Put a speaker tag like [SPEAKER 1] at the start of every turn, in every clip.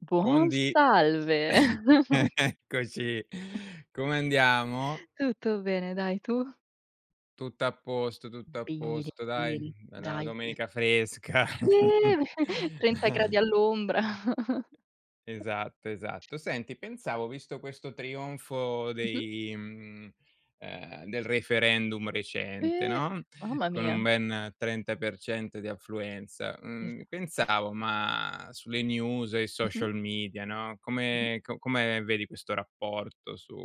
[SPEAKER 1] Buon
[SPEAKER 2] Buondì!
[SPEAKER 1] salve.
[SPEAKER 2] E eccoci, come andiamo?
[SPEAKER 1] Tutto bene, dai, tu?
[SPEAKER 2] Tutto a posto, tutto a
[SPEAKER 1] Bene,
[SPEAKER 2] posto dai,
[SPEAKER 1] bene,
[SPEAKER 2] è 'na
[SPEAKER 1] daje!
[SPEAKER 2] domenica fresca.
[SPEAKER 1] Eh, 30 gradi all'ombra!
[SPEAKER 2] Esatto, esatto. Senti, pensavo visto questo trionfo
[SPEAKER 1] Mh-mh.
[SPEAKER 2] dei, mhmm, ehm, del referendum recente,
[SPEAKER 1] Eh,
[SPEAKER 2] no,
[SPEAKER 1] mamma
[SPEAKER 2] con un
[SPEAKER 1] mia!
[SPEAKER 2] ben 30% di affluenza, mhmm,
[SPEAKER 1] Esatto.
[SPEAKER 2] pensavo, ma sulle news e i
[SPEAKER 1] Mh-mh.
[SPEAKER 2] social media, no,
[SPEAKER 1] Mh-mh.
[SPEAKER 2] come co come vedi questo rapporto su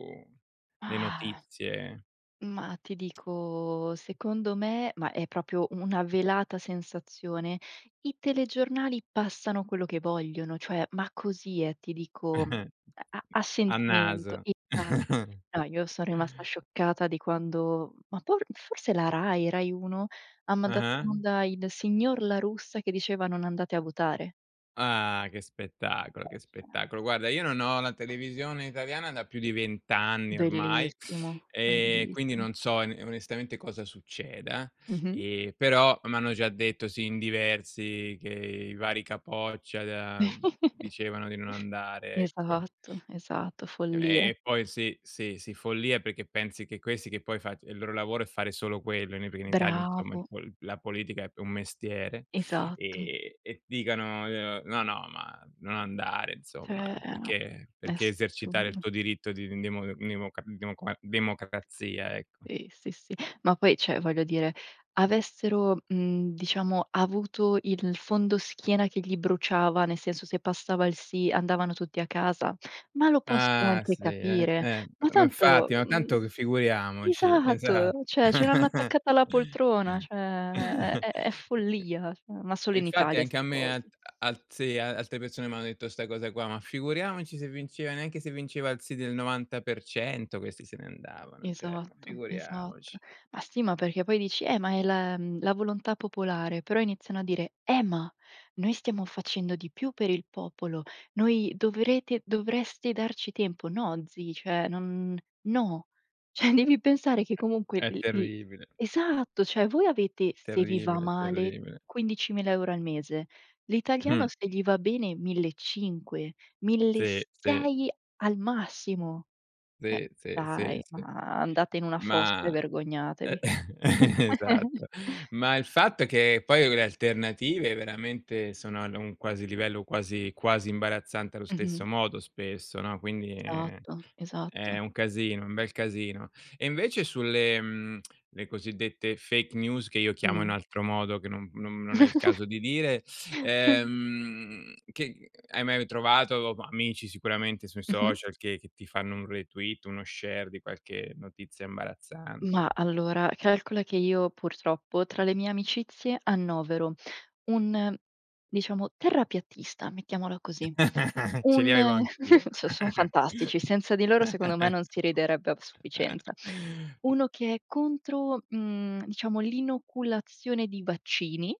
[SPEAKER 2] le notizie
[SPEAKER 1] Mah ti dico secondo me ma è proprio una velata sensazione, i telegiornali passano quello che vogliono, cioè, ma così eh, ti dico, uhm a a
[SPEAKER 2] a
[SPEAKER 1] sentimento
[SPEAKER 2] naso!
[SPEAKER 1] Esa No, io so rimasta scioccata di quando ma por forse la Rai. Rai 1 ha mandato in
[SPEAKER 2] Ah-ah.
[SPEAKER 1] onda il signor La Russa che diceva non andate a votare.
[SPEAKER 2] Ah, che spettacolo, che spettacolo.
[SPEAKER 1] [unintelligible]
[SPEAKER 2] Guarda, io non ho la televisione italiana da più di 20 anni ormai,
[SPEAKER 1] Bellissimo,
[SPEAKER 2] e quindi
[SPEAKER 1] bellissim
[SPEAKER 2] non so in onestamente cosa succeda.
[SPEAKER 1] Mh-mh.
[SPEAKER 2] E però m'hanno già detto sì, in diversi, che i vari capoccia da mhmm, dicevano di non andare, ecco.
[SPEAKER 1] Esatto, esatto,
[SPEAKER 2] E e
[SPEAKER 1] follia.
[SPEAKER 2] e poi sì, sì, sì, follia perché pensi che questi, che poi fac il loro lavoro è fare solo quello, ne pri in Italia insomma il
[SPEAKER 1] Bravo!
[SPEAKER 2] pol la politica è p un mestiere,
[SPEAKER 1] Esatto.
[SPEAKER 2] e e dicano, uhm: "No, no, ma non andare insomma,
[SPEAKER 1] Cioè è a
[SPEAKER 2] perché
[SPEAKER 1] è
[SPEAKER 2] perché esercitare il
[SPEAKER 1] assurdo.
[SPEAKER 2] tuo diritto di in demo n democa demoqua democrazia", ecco.
[SPEAKER 1] qEh sì, sì, ma poi cioè, voglio dire, avessero, mhmm, diciamo avuto il fondoschiena che gli bruciava, nel senso, se passava il sì andavano tutti a casa. Ma lo posso
[SPEAKER 2] Ah
[SPEAKER 1] anche
[SPEAKER 2] sì, eh,
[SPEAKER 1] capire,
[SPEAKER 2] eh,
[SPEAKER 1] ma
[SPEAKER 2] ma
[SPEAKER 1] tanto,
[SPEAKER 2] infatti, ma
[SPEAKER 1] uhm
[SPEAKER 2] tanto c figuriamoci,
[SPEAKER 1] Esatto.
[SPEAKER 2] esat
[SPEAKER 1] Cioè, ce l'hanno attaccata alla poltrona. Cioè, è è è follia, ma solo in
[SPEAKER 2] Infatti
[SPEAKER 1] Italia
[SPEAKER 2] anche a
[SPEAKER 1] 'ste
[SPEAKER 2] me
[SPEAKER 1] cose.
[SPEAKER 2] a alt sì, alte persone m'hanno detto 'sta cosa qua, ma figuriamoci se vinceva neanche se vinceva il sì del 90% questi se ne andavano, cioè ma
[SPEAKER 1] Esatto. Esatto.
[SPEAKER 2] figuriamoci.
[SPEAKER 1] Ma sì, ma perché poi dici: "Eh, ma è la, mhmm, la volontà popolare". Però iniziano a dire: "Eh ma noi stiamo facendo di più per il popolo; noi dovrete dovreste darci tempo". No zi, cioè non no. Cioè, devi pensare che
[SPEAKER 2] È
[SPEAKER 1] comunque
[SPEAKER 2] è
[SPEAKER 1] il il
[SPEAKER 2] terribile.
[SPEAKER 1] esatto. Cioè, voi avete, se vi va
[SPEAKER 2] Terribile,
[SPEAKER 1] male
[SPEAKER 2] terribile.
[SPEAKER 1] 15.000 € al mese, l'italiano se gli va bene mille e cinque mille e
[SPEAKER 2] Sì, sì.
[SPEAKER 1] sei al massimo. Cioè,
[SPEAKER 2] Sì, sì, sì,
[SPEAKER 1] dai,
[SPEAKER 2] sì.
[SPEAKER 1] ma andate in una fossa e
[SPEAKER 2] Ma
[SPEAKER 1] vergognatevi.
[SPEAKER 2] esatto, ma il fatto è che poi le alternative veramente sono ad un quasi livello quasi quasi imbarazzante allo stesso
[SPEAKER 1] Mh-mh.
[SPEAKER 2] modo spesso no, quindi, ehm,
[SPEAKER 1] Esatto.
[SPEAKER 2] è
[SPEAKER 1] Esatto.
[SPEAKER 2] un casino, è un bel casino. E invece sulle, mhmm, le cosiddette fake news che io chiamo
[SPEAKER 1] Mh.
[SPEAKER 2] in altro modo che non non non è il caso di dire, ehm, che hai mai trovato, amici sicuramente sui
[SPEAKER 1] Mh-mh.
[SPEAKER 2] social che che ti fanno un retweet, uno share di qualche notizia imbarazzante?
[SPEAKER 1] Mah allora, calcola che io purtroppo tra le mie amicizie annovero un, diciamo, terrapiattista. Mettiamola così.
[SPEAKER 2] Ce li
[SPEAKER 1] Un
[SPEAKER 2] avevo anch'io.
[SPEAKER 1] so son fantastici, senza di loro secondo me non si riderebbe a sufficienza. Uno che è contro, uhm, diciamo l'inoculazione di vaccini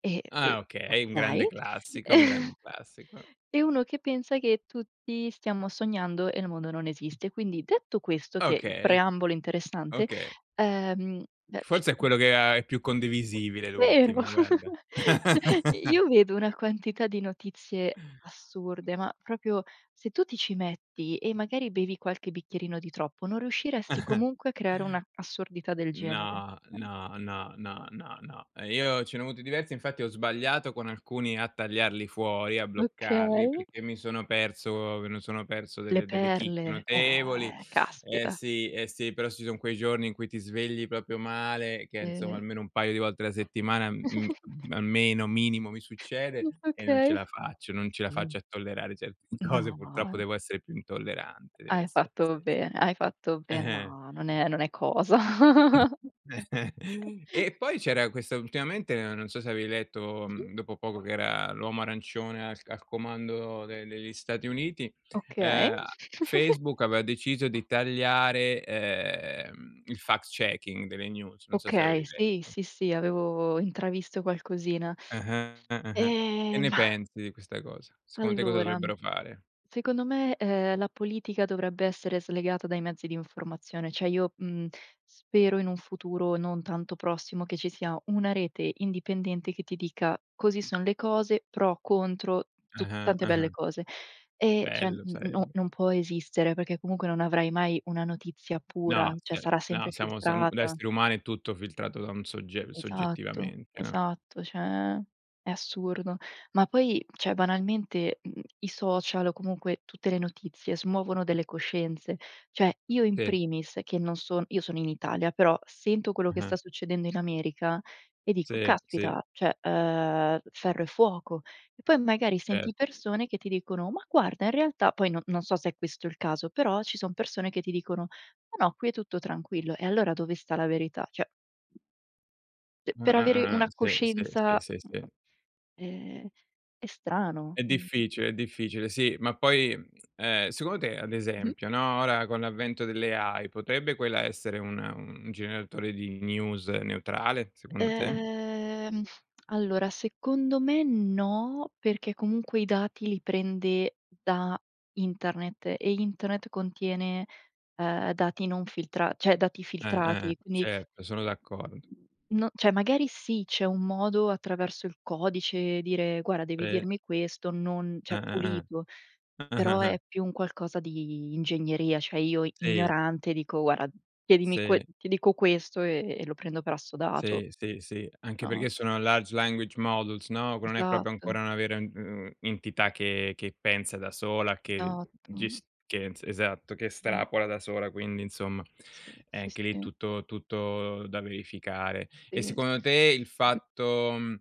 [SPEAKER 1] e e
[SPEAKER 2] Ah, okay, un grande
[SPEAKER 1] okay.
[SPEAKER 2] classico, un grande classico.
[SPEAKER 1] E uno che pensa che tutti stiamo sognando e il mondo non esiste, quindi detto questo che il
[SPEAKER 2] Okay.
[SPEAKER 1] preambolo interessante,
[SPEAKER 2] Oka
[SPEAKER 1] ehm
[SPEAKER 2] Forse è quello
[SPEAKER 1] [unintelligible]
[SPEAKER 2] ha è più condivisibile
[SPEAKER 1] Vero?
[SPEAKER 2] l'ultimo, guarda.
[SPEAKER 1] I Io vedo una quantità di notizie assurde, ma proprio se tu ti ci metti e magari bevi qualche bicchierino di troppo, non riusciresti comunque a creare una assurdità del genere,
[SPEAKER 2] No,
[SPEAKER 1] eh.
[SPEAKER 2] no, no, no, no, no. Eh, io ce ne ho avuto diversi, infatti ho sbagliato con alcuni a tagliarli fuori, a bloccarli,
[SPEAKER 1] Okay.
[SPEAKER 2] perché mi sono perso me lo sono perso
[SPEAKER 1] Le
[SPEAKER 2] delle delle chicche
[SPEAKER 1] perle,
[SPEAKER 2] notevoli.
[SPEAKER 1] eh
[SPEAKER 2] Eh
[SPEAKER 1] caspita.
[SPEAKER 2] sì, eh sì, però ci son quei giorni in cui ti svegli proprio male che insomma
[SPEAKER 1] Eh.
[SPEAKER 2] almeno un paio di volte alla settimana mhmm d almeno, minimo mi succede,
[SPEAKER 1] Mh.
[SPEAKER 2] e non ce
[SPEAKER 1] Okay.
[SPEAKER 2] la faccio, non ce la faccio a tollerare certe cose,
[SPEAKER 1] No,
[SPEAKER 2] purtroppo
[SPEAKER 1] no.
[SPEAKER 2] devo essere più intollerante,
[SPEAKER 1] Hai
[SPEAKER 2] sì,
[SPEAKER 1] fatto
[SPEAKER 2] sì, sì.
[SPEAKER 1] bene, hai fatto be
[SPEAKER 2] Eh-eh.
[SPEAKER 1] no, non è non è cosa.
[SPEAKER 2] E poi c'era questa ultimamente, non so se avevi letto
[SPEAKER 1] Mh-mh.
[SPEAKER 2] mhmm dopo poco, che era l'uomo arancione al al comando de degli Stati Uniti,
[SPEAKER 1] Okay.
[SPEAKER 2] ehm, a Facebook aveva deciso di tagliare, ehm, il fact checking delle news, non so se
[SPEAKER 1] Okay,
[SPEAKER 2] avevi
[SPEAKER 1] sì,
[SPEAKER 2] letto.
[SPEAKER 1] sì, sì. Avevo intravisto qualcosina.
[SPEAKER 2] Eh-eh, eh-eh. Che
[SPEAKER 1] Ehm,
[SPEAKER 2] ne
[SPEAKER 1] mah
[SPEAKER 2] pensi di questa cosa? Secondo te cosa
[SPEAKER 1] Allora,
[SPEAKER 2] dovrebbero fare?
[SPEAKER 1] secondo me, ehm, la politica dovrebbe essere slegata dai mezzi di informazione. Cioè io, mhmm, spero in un futuro non tanto prossimo che ci sia una rete indipendente che ti dica così son le cose pro contro tu
[SPEAKER 2] Ah-ah,
[SPEAKER 1] tante belle
[SPEAKER 2] ah-ah.
[SPEAKER 1] cose, e cioè n
[SPEAKER 2] Bello
[SPEAKER 1] n no
[SPEAKER 2] sarebbe.
[SPEAKER 1] non può esistere, perché comunque non avrai mai una notizia pura,
[SPEAKER 2] No,
[SPEAKER 1] cioè
[SPEAKER 2] sia
[SPEAKER 1] sarà sempre
[SPEAKER 2] no siamo siamo da
[SPEAKER 1] filtrata.
[SPEAKER 2] esseri umani è tutto filtrato da un sogge
[SPEAKER 1] Esatto.
[SPEAKER 2] soggettivamente, no.
[SPEAKER 1] Esatto. Cioè, è assurdo. Ma poi, cioè banalmente, mhmm, i social o comunque tutte le notizie, smuovono delle coscienze. Cioè, io in
[SPEAKER 2] Sì.
[SPEAKER 1] primis che non son io sono in Italia, però sento quello che
[SPEAKER 2] Ah-ha.
[SPEAKER 1] sta succedendo in America e dico:
[SPEAKER 2] Sì, sì.
[SPEAKER 1] "Caspita, cioè, ehm, ferro e fuoco". E poi magari
[SPEAKER 2] Ce
[SPEAKER 1] senti persone che ti dicono: "Ma guarda in realtà" poi no non so se è questo il caso. Però ci son persone che ti dicono: "Ma no, qui è tutto tranquillo". E allora dove sta la verità? Cioè C per avere
[SPEAKER 2] Ah-ah-ah-ah,
[SPEAKER 1] una
[SPEAKER 2] sì, sì, sì,
[SPEAKER 1] coscienza,
[SPEAKER 2] sì, sì.
[SPEAKER 1] ehm, è strano.
[SPEAKER 2] È
[SPEAKER 1] Mhmm.
[SPEAKER 2] difficile, è difficile, sì, ma poi, ehm, secondo te, ad
[SPEAKER 1] Mh-mh.
[SPEAKER 2] esempio, no, ora con l'avvento dell' AI potrebbe quella essere una un generatore di news neutrale, secondo te?
[SPEAKER 1] Ehm, allora secondo me no, perché comunque i dati li prende da internet e internet contiene, ehm, dati non filtra cioè dati
[SPEAKER 2] Eh, eh,
[SPEAKER 1] filtrati,
[SPEAKER 2] eh.
[SPEAKER 1] quindi.
[SPEAKER 2] Certo, sono d'accordo.
[SPEAKER 1] No, cioè magari sì, c'è un modo attraverso il codice, dire: "Guarda, devi
[SPEAKER 2] Eh.
[SPEAKER 1] dirmi questo, non" Cioè,
[SPEAKER 2] Ah, ah,
[SPEAKER 1] pulito,
[SPEAKER 2] ah.
[SPEAKER 1] però è più un qualcosa di ingegneria, cioè io
[SPEAKER 2] Sì.
[SPEAKER 1] ignorante dico: "Guarda, chiedimi que
[SPEAKER 2] Se.
[SPEAKER 1] ti dico questo e e lo prendo per assodato."
[SPEAKER 2] Sì, sì, sì, anche
[SPEAKER 1] No?
[SPEAKER 2] perché sono large language models no, che non è proprio
[SPEAKER 1] Esatto.
[SPEAKER 2] ancora una vera, u uhm, entità che che pensa da sola, che,
[SPEAKER 1] Esatto.
[SPEAKER 2] ges che ens esatto, che
[SPEAKER 1] Mh.
[SPEAKER 2] estrapola da sola, quindi insomma,
[SPEAKER 1] Sì,
[SPEAKER 2] è
[SPEAKER 1] sì,
[SPEAKER 2] anche lì
[SPEAKER 1] sì.
[SPEAKER 2] tutto tutto da verificare. E
[SPEAKER 1] Sì, sì,
[SPEAKER 2] secondo te il
[SPEAKER 1] s
[SPEAKER 2] fatto, mhmm,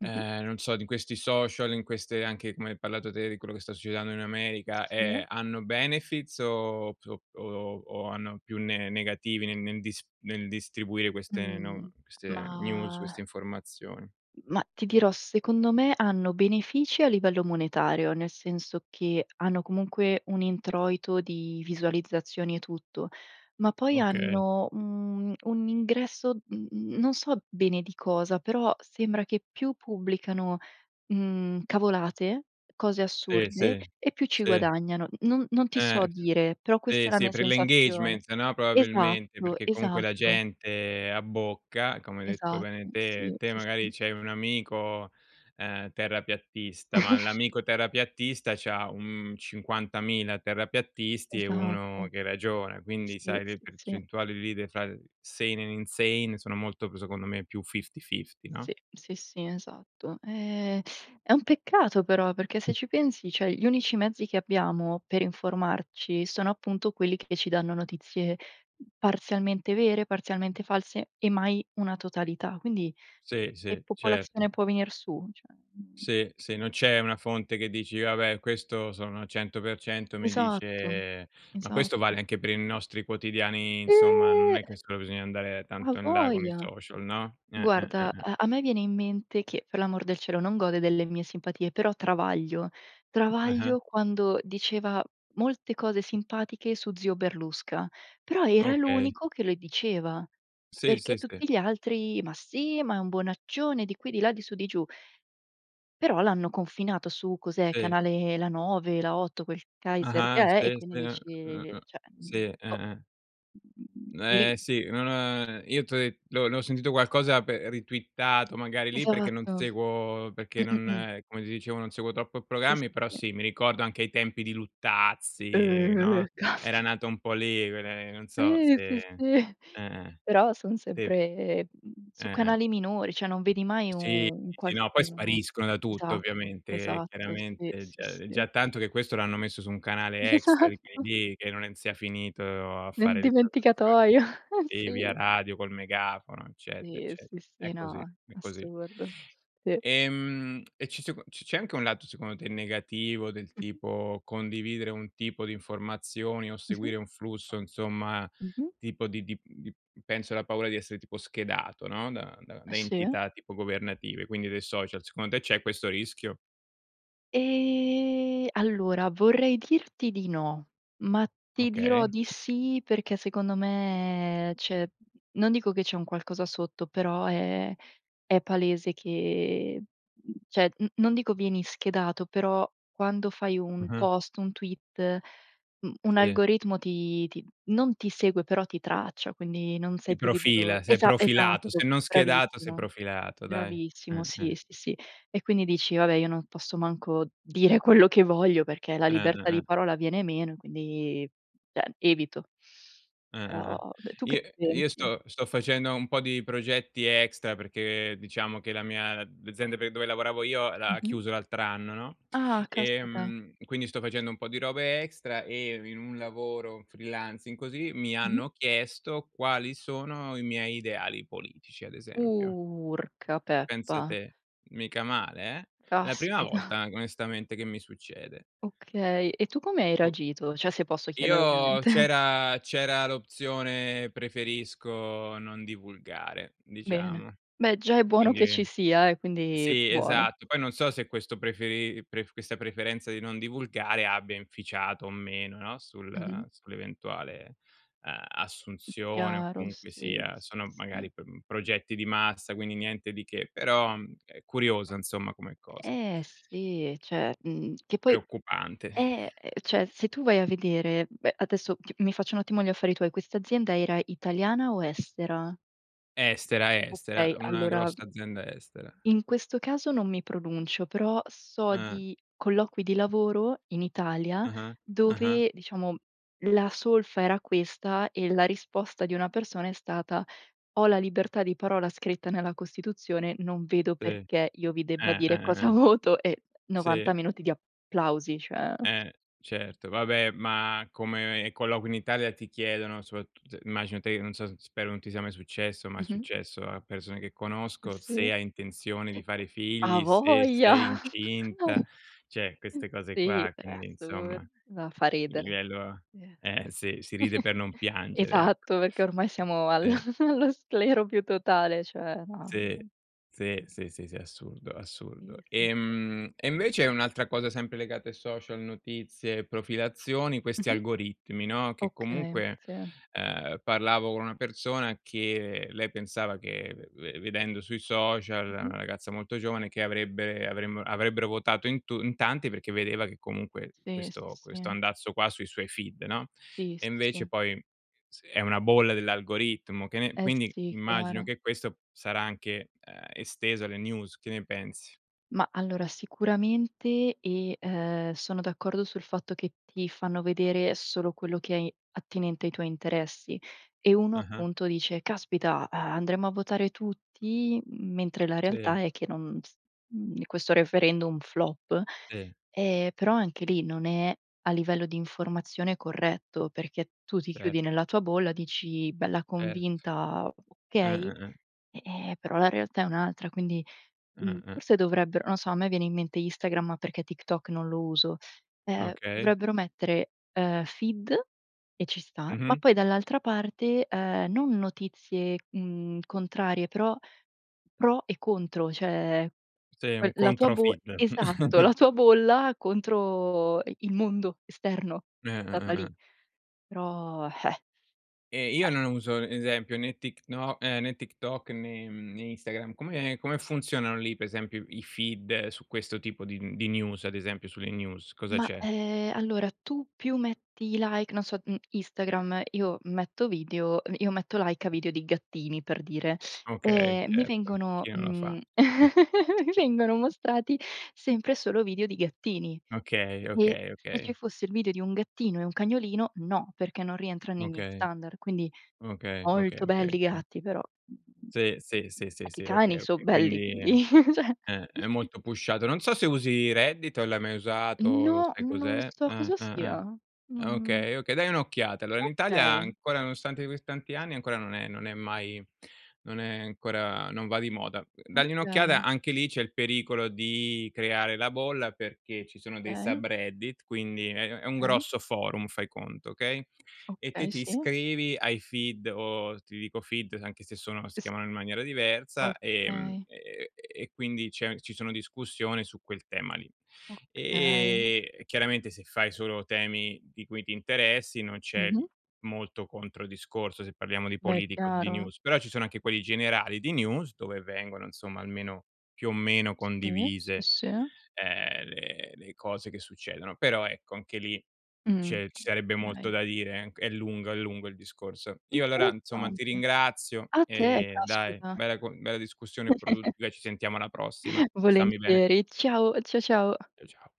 [SPEAKER 1] Mh-mh.
[SPEAKER 2] non so di questi social, in queste anche come hai parlato te, di quello che sta succedendo in America,
[SPEAKER 1] Ossia?
[SPEAKER 2] ehm, hanno benefits o so o o o hanno più ne negativi nel nel dis nel distribuire queste no
[SPEAKER 1] Mhmm.
[SPEAKER 2] queste news queste
[SPEAKER 1] Mah
[SPEAKER 2] informazioni?
[SPEAKER 1] mah, ti dirò, secondo me hanno benefici a livello monetario, nel senso che hanno comunque un introito di visualizzazioni e tutto. Ma poi
[SPEAKER 2] Okay.
[SPEAKER 1] hanno un un ingresso mhmm, mhmm, non so bene di cosa, però sembra che più pubblicano, mhmm, cavolate, cose
[SPEAKER 2] Sì,
[SPEAKER 1] assurde,
[SPEAKER 2] sì,
[SPEAKER 1] e più ci
[SPEAKER 2] sì.
[SPEAKER 1] guadagnano. Non non ti so
[SPEAKER 2] Eh!
[SPEAKER 1] dire. Però
[SPEAKER 2] sì,
[SPEAKER 1] questa è la
[SPEAKER 2] sì
[SPEAKER 1] mia
[SPEAKER 2] per l'
[SPEAKER 1] sensazione
[SPEAKER 2] engagement, no, probabilmente,
[SPEAKER 1] Esatto,
[SPEAKER 2] perché comunque la
[SPEAKER 1] esatto.
[SPEAKER 2] gente abbocca, come hai detto bene
[SPEAKER 1] Esatto.
[SPEAKER 2] te.
[SPEAKER 1] Sì,
[SPEAKER 2] Te
[SPEAKER 1] sì,
[SPEAKER 2] magari
[SPEAKER 1] sì.
[SPEAKER 2] c'hai un amico, ehm, terrapiattista, ma l'amico terrapiattista c'ha un 50.000 terrapiattisti e
[SPEAKER 1] Esatto.
[SPEAKER 2] 1 che ragiona, quindi
[SPEAKER 1] Sì,
[SPEAKER 2] sai le
[SPEAKER 1] sì, sì.
[SPEAKER 2] percentuali lì le far sane and insane sono molto pre secondo me più fifty fifty no?
[SPEAKER 1] Sì, sì, sì, esatto. Ehm, è un peccato però, perché se ci pensi, cioè gli unici mezzi che abbiamo per informarci sono appunto quelli che ci danno notizie parzialmente vere, parzialmente false e mai una totalità. Quindi
[SPEAKER 2] Sì,
[SPEAKER 1] che
[SPEAKER 2] sì, certo.
[SPEAKER 1] popolazione può venir su, cioè, mhmm
[SPEAKER 2] Sì, sì, non c'è una fonte che dici: "Vabbè questo sono 100% mi
[SPEAKER 1] Esatto.
[SPEAKER 2] dice" ma questo
[SPEAKER 1] Esatto.
[SPEAKER 2] vale anche per i nostri quotidiani insomma, non
[SPEAKER 1] Eh!
[SPEAKER 2] è che solo bisogna andare tanto in là con i
[SPEAKER 1] Avoja!
[SPEAKER 2] social, no? Eh, eh, eh,
[SPEAKER 1] Guarda,
[SPEAKER 2] eh.
[SPEAKER 1] ehm, a me viene in mente che per l'amor del cielo non gode delle mie simpatie, però Travaglio,
[SPEAKER 2] Eh-eh.
[SPEAKER 1] Travaglio quando diceva molte cose simpatiche su zio Berlusca, però era
[SPEAKER 2] Okay.
[SPEAKER 1] l'unico che le diceva,
[SPEAKER 2] Sì,
[SPEAKER 1] perché
[SPEAKER 2] sì, sì.
[SPEAKER 1] tutti gli altri: "Ma sì, ma è un bonaccione" di qui, di là, di su di giù. Però l'hanno confinato su, cos'è,
[SPEAKER 2] Sì.
[SPEAKER 1] canale La9, La8, quel kaiser che
[SPEAKER 2] Ah-ah
[SPEAKER 1] è, e
[SPEAKER 2] sì,
[SPEAKER 1] quindi
[SPEAKER 2] sì,
[SPEAKER 1] dici
[SPEAKER 2] uh-uh,
[SPEAKER 1] cioè,
[SPEAKER 2] sì,
[SPEAKER 1] uhm:" Boh!"
[SPEAKER 2] eh-eh.
[SPEAKER 1] Mhmm,
[SPEAKER 2] N
[SPEAKER 1] lì.
[SPEAKER 2] eh, sì, non ha io t'ho de l'ho l'ho sentito qualcosa pe ritwittato magari lì perché non
[SPEAKER 1] Esatto.
[SPEAKER 2] seguo
[SPEAKER 1] Mh,
[SPEAKER 2] perché
[SPEAKER 1] mh, mh.
[SPEAKER 2] non come ti dicevo, non seguo troppo
[SPEAKER 1] Sì,
[SPEAKER 2] programmi,
[SPEAKER 1] sì,
[SPEAKER 2] però
[SPEAKER 1] sì.
[SPEAKER 2] sì, mi ricordo anche i tempi di Luttazzi,
[SPEAKER 1] Eh.
[SPEAKER 2] no, era
[SPEAKER 1] Caspi
[SPEAKER 2] nata un po' lì quelle non so
[SPEAKER 1] Ih!
[SPEAKER 2] se
[SPEAKER 1] Sì, sì.
[SPEAKER 2] eh-eh.
[SPEAKER 1] Però son
[SPEAKER 2] Tep
[SPEAKER 1] sempre, mhmm, su
[SPEAKER 2] Eh-eh.
[SPEAKER 1] canali minori. Cioè, non vedi mai u
[SPEAKER 2] Sì,
[SPEAKER 1] un
[SPEAKER 2] sì, sì, no, poi
[SPEAKER 1] qualcuno
[SPEAKER 2] spariscono da tutto
[SPEAKER 1] Esatto,
[SPEAKER 2] ovviamente, e
[SPEAKER 1] esatto. Sì,
[SPEAKER 2] chiaramente è
[SPEAKER 1] sì,
[SPEAKER 2] già è
[SPEAKER 1] sì.
[SPEAKER 2] già tanto che questo l'hanno messo su un canale extra di quelli
[SPEAKER 1] Esatto.
[SPEAKER 2] lì che non è sia finito a
[SPEAKER 1] Nel
[SPEAKER 2] fare le trasmissioni,
[SPEAKER 1] dimenticatoio, eh
[SPEAKER 2] ehm, via
[SPEAKER 1] sì.
[SPEAKER 2] radio, col megafono, eccetera
[SPEAKER 1] Sì,
[SPEAKER 2] ecce
[SPEAKER 1] sì, sì.
[SPEAKER 2] È così,
[SPEAKER 1] No,
[SPEAKER 2] è così.
[SPEAKER 1] assurdo. Sì.
[SPEAKER 2] Ehm, e ci si co c c'è anche un lato secondo te negativo, del
[SPEAKER 1] Mh-mh.
[SPEAKER 2] tipo condividere un tipo di informazioni o
[SPEAKER 1] Mh-mh.
[SPEAKER 2] seguire un flusso insomma,
[SPEAKER 1] Mh-mh.
[SPEAKER 2] tipo di di uhm, di penso la paura di essere tipo schedato, no, da da
[SPEAKER 1] Eh
[SPEAKER 2] da
[SPEAKER 1] sì.
[SPEAKER 2] entità tipo governative, quindi dei social, secondo te c'è questo rischio?
[SPEAKER 1] Ehm, allora vorrei dirti di no, ma ti dirò
[SPEAKER 2] Okay.
[SPEAKER 1] di sì, perché secondo me c'è non dico che c'è un qualcosa sotto, però è è palese che, mhmm, cioè n non dico vieni schedato. Però quando fai un
[SPEAKER 2] Mh-mh.
[SPEAKER 1] post, un tweet, u un
[SPEAKER 2] Sì.
[SPEAKER 1] algoritmo ti ti non ti segue, però ti traccia, quindi non sei
[SPEAKER 2] Ti
[SPEAKER 1] più libero
[SPEAKER 2] profila, sei
[SPEAKER 1] esa
[SPEAKER 2] profilato, se
[SPEAKER 1] esatto.
[SPEAKER 2] non schedato, sei
[SPEAKER 1] Bravissimo.
[SPEAKER 2] profilato dai.
[SPEAKER 1] Bravissimo.
[SPEAKER 2] Eh,
[SPEAKER 1] Sì,
[SPEAKER 2] eh.
[SPEAKER 1] sì, sì. E quindi dici: "Va beh, io non posso manco dire quello che voglio perché la
[SPEAKER 2] Eh, eh,
[SPEAKER 1] libertà
[SPEAKER 2] eh.
[SPEAKER 1] di parola viene meno e quindi" cioè evito.
[SPEAKER 2] Eh,
[SPEAKER 1] Però
[SPEAKER 2] eh, eh.
[SPEAKER 1] d tu che
[SPEAKER 2] I io
[SPEAKER 1] pensi?
[SPEAKER 2] sto sto facendo un po' di progetti extra perché diciamo che la mia l'azienda pe dove lavoravo io l'ha
[SPEAKER 1] Mh-mh.
[SPEAKER 2] chiuso l'altr'anno, no,
[SPEAKER 1] Ah, caspita.
[SPEAKER 2] ehm, quindi sto facendo un po' di robe extra e in un lavoro freelancing così mi
[SPEAKER 1] Mh-mh.
[SPEAKER 2] hanno chiesto quali sono i miei ideali politici, ad esempio.
[SPEAKER 1] Urca,
[SPEAKER 2] Pensa
[SPEAKER 1] peppa.
[SPEAKER 2] te, mica male eh? È la prima
[SPEAKER 1] Caspita.
[SPEAKER 2] volta an onestamente che mi succede.
[SPEAKER 1] Okay. E tu come hai
[SPEAKER 2] Boh.
[SPEAKER 1] reagito? Cioè, se posso chiedere,
[SPEAKER 2] Io
[SPEAKER 1] ovviamente.
[SPEAKER 2] c'era c'era l'opzione preferisco non divulgare,
[SPEAKER 1] Bene.
[SPEAKER 2] diciamo, e
[SPEAKER 1] Beh, già è buono che ci
[SPEAKER 2] quindi
[SPEAKER 1] sia eh, quindi
[SPEAKER 2] sì,
[SPEAKER 1] buono.
[SPEAKER 2] esatto, poi non so se questo preferi pref questa preferenza di non divulgare abbia inficiato o meno, no,
[SPEAKER 1] Mh-mh.
[SPEAKER 2] sul sull'eventuale, uhm,
[SPEAKER 1] Mh,
[SPEAKER 2] assunzione o
[SPEAKER 1] chiaro.
[SPEAKER 2] comunque
[SPEAKER 1] Sì,
[SPEAKER 2] sia,
[SPEAKER 1] sì,
[SPEAKER 2] sono
[SPEAKER 1] sì.
[SPEAKER 2] magari pr progetti di massa, quindi niente di che, però, uhm, è curiosa insomma come cosa.
[SPEAKER 1] Eh, sì, e cioè, mhmm, che poi
[SPEAKER 2] Preoccupante.
[SPEAKER 1] eh, e cioè, se tu vai a vedere beh, adesso ti mi faccio un attimo gli affari tuoi. Quest'azienda era italiana o estera?
[SPEAKER 2] Estera,
[SPEAKER 1] Okay,
[SPEAKER 2] estera, una
[SPEAKER 1] allora
[SPEAKER 2] grossa azienda estera.
[SPEAKER 1] in questo caso non mi pronuncio, però so
[SPEAKER 2] Eh.
[SPEAKER 1] di colloqui di lavoro in Italia,
[SPEAKER 2] Ah-ah, ah-ah.
[SPEAKER 1] dove diciamo la solfa era questa e la risposta di una persona è stata: "Ho la libertà di parola scritta nella Costituzione, non vedo
[SPEAKER 2] Sì, eh,
[SPEAKER 1] perché io vi debba
[SPEAKER 2] eh,
[SPEAKER 1] dire
[SPEAKER 2] eh,
[SPEAKER 1] cosa
[SPEAKER 2] eh.
[SPEAKER 1] voto". E
[SPEAKER 2] Sì.
[SPEAKER 1] 90 minuti di applausi, cioè
[SPEAKER 2] Eh, certo, vabbè, ma come colloqui in Italia, ti chiedono soprat immagino te che non so s spero non ti sia mai successo, ma è
[SPEAKER 1] Mh-mh.
[SPEAKER 2] successo a persone che conosco,
[SPEAKER 1] Sì.
[SPEAKER 2] se hai intenzione di fare figli, se sei
[SPEAKER 1] Avoja.
[SPEAKER 2] incinta, cioè, queste cose
[SPEAKER 1] Sì,
[SPEAKER 2] qua,
[SPEAKER 1] è
[SPEAKER 2] quindi
[SPEAKER 1] assurd
[SPEAKER 2] insomma.
[SPEAKER 1] Ma fa
[SPEAKER 2] Il
[SPEAKER 1] ridere.
[SPEAKER 2] livello
[SPEAKER 1] Sì,
[SPEAKER 2] eh sì, si ride per non piangere, ecco.
[SPEAKER 1] esatto, perché ormai siamo al
[SPEAKER 2] Sì.
[SPEAKER 1] allo sclero più totale, cioè no.
[SPEAKER 2] Sì, sì, sì, sì, sì, è assurdo, assurdo,
[SPEAKER 1] Eh sì
[SPEAKER 2] ehm, e
[SPEAKER 1] Mh-mh.
[SPEAKER 2] invece un'altra cosa sempre legata ai social, notizie, profilazioni, questi
[SPEAKER 1] Mh-mh.
[SPEAKER 2] algoritmi, no, che
[SPEAKER 1] Okay,
[SPEAKER 2] comunque,
[SPEAKER 1] sì.
[SPEAKER 2] uhm, parlavo con una persona, che lei pensava che ve ve vedendo sui social, è una
[SPEAKER 1] Mh-mh.
[SPEAKER 2] ragazza molto giovane che avrebbere avremmo avrebbero votato in tu in tanti, perché vedeva che comunque
[SPEAKER 1] Sì, sì,
[SPEAKER 2] questo questo
[SPEAKER 1] sì.
[SPEAKER 2] andazzo qua sui suoi feed, no,
[SPEAKER 1] Sì,
[SPEAKER 2] e
[SPEAKER 1] sì,
[SPEAKER 2] invece
[SPEAKER 1] sì.
[SPEAKER 2] poi [unintelligible] è una bolla dell'algoritmo che ne
[SPEAKER 1] Eh,
[SPEAKER 2] quindi
[SPEAKER 1] sì,
[SPEAKER 2] immagino
[SPEAKER 1] chiaro.
[SPEAKER 2] che questo sarà anche, uhm, esteso alle news, che ne pensi?
[SPEAKER 1] Mah, allora sicuramente, e ehm, sono d'accordo sul fatto che ti fanno vedere solo quello che è attinente ai tuoi interessi. E uno
[SPEAKER 2] Ah-ah.
[SPEAKER 1] appunto dice: "Caspita, uhm, andremo a votare tutti, mentre la realtà
[SPEAKER 2] Sì.
[SPEAKER 1] è che non s uhm, questo referendum flop;
[SPEAKER 2] Sì.
[SPEAKER 1] ehm, però anche lì non è, a livello di informazione, corretto, perché tu ti chiudi
[SPEAKER 2] Cert
[SPEAKER 1] nella tua bolla, dici bella
[SPEAKER 2] Erto.
[SPEAKER 1] convinta: "Okay",
[SPEAKER 2] Eh-eh-eh.
[SPEAKER 1] e ehm, però la realtà è un'altra quindi, mhmm,
[SPEAKER 2] Eh-eh.
[SPEAKER 1] forse dovrebbero non so, a me viene in mente Instagram, perché TikTok non lo uso, ehm,
[SPEAKER 2] Okay.
[SPEAKER 1] dovrebbero mettere, ehm, feed, e ci sta, ma
[SPEAKER 2] Mh-mh.
[SPEAKER 1] poi dall'altra parte, ehm, non notizie, mhmm, contrarie però pro e contro, cioè
[SPEAKER 2] Sì,
[SPEAKER 1] quel
[SPEAKER 2] un
[SPEAKER 1] la tua
[SPEAKER 2] contro
[SPEAKER 1] bo
[SPEAKER 2] feed.
[SPEAKER 1] esatto, la tua bolla, contro i il mondo esterno. [unintelligible]
[SPEAKER 2] Eh-eh-eh-eh.
[SPEAKER 1] Però, eh!
[SPEAKER 2] Ehm, io non uso, esempio né Tikno eh, né TikTok né, mhmm né Instagram. Come come funzionano lì per esempio i feed su questo tipo di mhmm, di news, ad esempio sulle news. Cosa
[SPEAKER 1] Ma,
[SPEAKER 2] c'è?
[SPEAKER 1] ehm, allora tu più metti i like non so, uhm, Instagram, io metto video uhm, io metto like a video di gattini, per dire.
[SPEAKER 2] Okay,
[SPEAKER 1] Ehm, mi
[SPEAKER 2] certo.
[SPEAKER 1] vengono,
[SPEAKER 2] Chi non lo fa?
[SPEAKER 1] mhmm mi vengono mostrati sempre e solo video di gattini.
[SPEAKER 2] Okay,
[SPEAKER 1] E e,
[SPEAKER 2] okay,
[SPEAKER 1] se ci
[SPEAKER 2] okay.
[SPEAKER 1] fosse il video di un gattino e un cagnolino, no, perché non rientra nei miei
[SPEAKER 2] Okay.
[SPEAKER 1] standard; quindi,
[SPEAKER 2] Okay, okay,
[SPEAKER 1] molto
[SPEAKER 2] okay,
[SPEAKER 1] belli i
[SPEAKER 2] okay.
[SPEAKER 1] gatti, però, mhmm,
[SPEAKER 2] Sì, sì, sì, sì,
[SPEAKER 1] anche i
[SPEAKER 2] sì, okay,
[SPEAKER 1] cani so
[SPEAKER 2] okay,
[SPEAKER 1] belli,
[SPEAKER 2] quindi, ehm
[SPEAKER 1] quindi cioè
[SPEAKER 2] eh, è molto pushato. Non so se usi Reddit, o l'hai mai usato,
[SPEAKER 1] No,
[SPEAKER 2] sai
[SPEAKER 1] non
[SPEAKER 2] cos'è?
[SPEAKER 1] so
[SPEAKER 2] Eh,
[SPEAKER 1] cosa
[SPEAKER 2] eh, eh.
[SPEAKER 1] sia.
[SPEAKER 2] Ah
[SPEAKER 1] Non
[SPEAKER 2] okay, okay, dai un'occhiata, allora in Italia
[SPEAKER 1] Okay.
[SPEAKER 2] ancora nonostante così tanti anni ancora non è non è mai non è ancora non va di moda. Dagli un'occhiata,
[SPEAKER 1] Okay.
[SPEAKER 2] anche lì c'è il pericolo di creare la bolla perché ci sono dei
[SPEAKER 1] Okay.
[SPEAKER 2] subreddit quindi è è è un
[SPEAKER 1] [unintelligible]
[SPEAKER 2] grosso forum, fai conto, okay, e te
[SPEAKER 1] Okay,
[SPEAKER 2] ti
[SPEAKER 1] sì.
[SPEAKER 2] iscrivi ai feed o ti dico feed anche se sono si
[SPEAKER 1] S
[SPEAKER 2] chiamano in maniera diversa, ehm,
[SPEAKER 1] Okay.
[SPEAKER 2] e e e quindi c'è ci sono discussioni su quel tema lì.
[SPEAKER 1] Okay.
[SPEAKER 2] Ehm, e chiaramente se fai solo temi di cui ti interessi non c'è, uhm,
[SPEAKER 1] Mh-mh.
[SPEAKER 2] molto contro-discorso se parliamo di
[SPEAKER 1] Beh, è
[SPEAKER 2] politica o di
[SPEAKER 1] chiaro.
[SPEAKER 2] news. Però ci sono anche quelli generali di news, dove vengono insomma almeno, più o meno
[SPEAKER 1] Sì, sì,
[SPEAKER 2] condivise,
[SPEAKER 1] sì.
[SPEAKER 2] ehm, le le cose che succedono. Però ecco anche lì,
[SPEAKER 1] Mh.
[SPEAKER 2] c'è ci sarebbe
[SPEAKER 1] Okay.
[SPEAKER 2] molto da dire eh, c è lungo, è lungo il discorso. Io allora, insomma, ti
[SPEAKER 1] Interessante.
[SPEAKER 2] ringrazio,
[SPEAKER 1] A te,
[SPEAKER 2] ehm, dai,
[SPEAKER 1] caspita.
[SPEAKER 2] bella co bella discussione produ beh ci sentiamo alla prossima. Stammi bene.
[SPEAKER 1] Volentieri, ciao, ciao ciao.
[SPEAKER 2] Cia